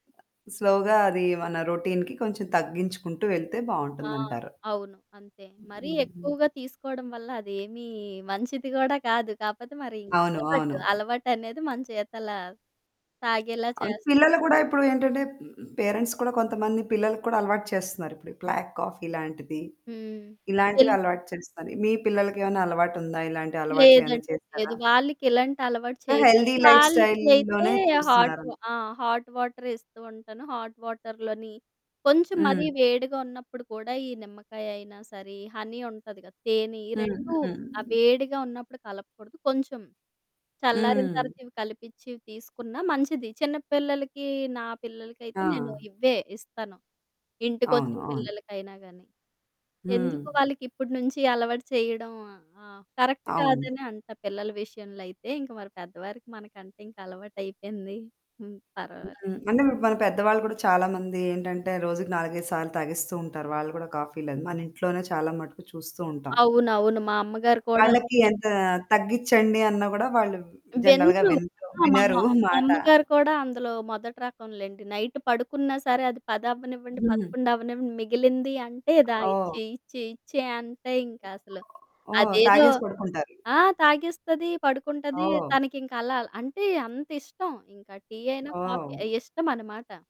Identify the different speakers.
Speaker 1: స్లోగా అది మన రొటీన్‌కి కొంచెం తగ్గించుకుంటూ వెళ్తే
Speaker 2: ఆ!
Speaker 1: బాగుంటుందంటారు.
Speaker 2: అవును. అంతే. మరీ
Speaker 1: హ్మ్. హ్మ్.
Speaker 2: ఎక్కువగా తీసుకోవడం వల్ల అదేమీ మంచిది కూడా కాదు, కాకపోతే మరి
Speaker 1: అవును.
Speaker 2: అలవాటు.
Speaker 1: అవును.
Speaker 2: అలవాటనేది మన చేతల తాగేలా
Speaker 1: అన్
Speaker 2: చేస్
Speaker 1: పిల్లలు కూడా ఇప్పుడు ఏంటంటే హ్మ్. పేరెంట్స్ కూడా కొంతమంది పిల్లలకు కూడా అలవాటు చేస్తున్నారు. ఇప్పుడు బ్లాక్ కాఫి లాంటిది.
Speaker 2: హ్మ్. తెల్
Speaker 1: ఇలాంటివి అలవాటు చేస్తున్నారు. మీ పిల్లలకేమైనా అలవాటుందా? ఇలాంటి అలవాట్లేమైనా
Speaker 2: లేదండి
Speaker 1: చేసారా?
Speaker 2: లేదు. వాళ్ళకి ఇలాంటి అలవాటు
Speaker 1: ఆహ్,
Speaker 2: చేయలేదు.
Speaker 1: హెల్తీ లైఫ్‌స్టైల్‌
Speaker 2: వాళ్ళకయితే
Speaker 1: లోనే
Speaker 2: హాట్
Speaker 1: చూస్తున్నారా?
Speaker 2: ఆ! హాట్ వాటర్ ఇస్తూ ఉంటాను. హాట్ వాటర్ లోని కొంచెం
Speaker 1: హ్మ్.
Speaker 2: మరీ వేడిగా ఉన్నప్పుడు కూడా ఈ నిమ్మకాయ అయినా సరే, హనీ ఉంటుంది కదా! తేనె. ఈ
Speaker 1: హ్మ్.
Speaker 2: 2
Speaker 1: హ్మ్.
Speaker 2: ఆ వేడిగా ఉన్నప్పుడు కలపకూడదు కొంచెం, చల్లారిన
Speaker 1: హ్మ్.
Speaker 2: తర్వాత ఇవి కలిపిచ్చి తీసుకున్నా మంచిది. చిన్నపిల్లలకి నా పిల్లలకయితే నేను
Speaker 1: ఆ!
Speaker 2: ఇవ్వే ఇస్తాను.
Speaker 1: అవును.
Speaker 2: ఇంటికొచ్చిన
Speaker 1: అవును.
Speaker 2: పిల్లలకైనా గాని, ఎందుకు
Speaker 1: హ్మ్.
Speaker 2: వాళ్ళకి ఇప్పటి నుంచి అలవాటు చేయడం. ఆహ్, కరెక్ట్
Speaker 1: అవును.
Speaker 2: కాదని అంట పిల్లల విషయంలో అయితే, ఇంక మరి పెద్దవారికి మనకంటే ఇంకా అలవాటయిపోయింది. హ్మ్. పర్వాలేదు.
Speaker 1: హ్మ్. అంటే మన పెద్దవాళ్ళు కూడా చాలామంది ఏంటంటే రోజుకి 4, 5 సార్లు తాగిస్తూ ఉంటారు. వాళ్ళు కూడా కాఫీలని. మన ఇంట్లోనే చాలా మటుకు చూస్తూ ఉంటాం.
Speaker 2: అవునవును. మా అమ్మగారు కూడా
Speaker 1: వాళ్ళకి
Speaker 2: అంతే.
Speaker 1: ఎంత తగ్గించండి, అన్న గూడా వాళ్ళు జనరల్‌గా
Speaker 2: వినరు.
Speaker 1: వినరు
Speaker 2: ఆ! మా
Speaker 1: వినరు మాట.
Speaker 2: అమ్మగారు కూడా అందులో మొదటి రకంలెండి. నైట్ పడుకున్నా సరే అది 10 అవ్వనివ్వండి,
Speaker 1: హ్మ్.
Speaker 2: 11 అవ్వనివ్వండి మిగిలింది అంటే "దా
Speaker 1: ఆహ్, ఓహ్!
Speaker 2: ఇచ్చెయి, ఇచ్చేయి, ఇచ్చేయి" అంతె ఇంకా అసలు.
Speaker 1: ఓహ్! ఓహ్!
Speaker 2: అదేదో
Speaker 1: తాగేసి పడుకుంటారు.
Speaker 2: ఆ! తాగేస్తది, పడుకుంటుంది
Speaker 1: ఓహ్!
Speaker 2: తనకింక అలా అంటే అంతిష్టం ఇంకా టీ అయినా, కాఫీ
Speaker 1: ఓహ్!
Speaker 2: అయి ఇష్టమనమాట.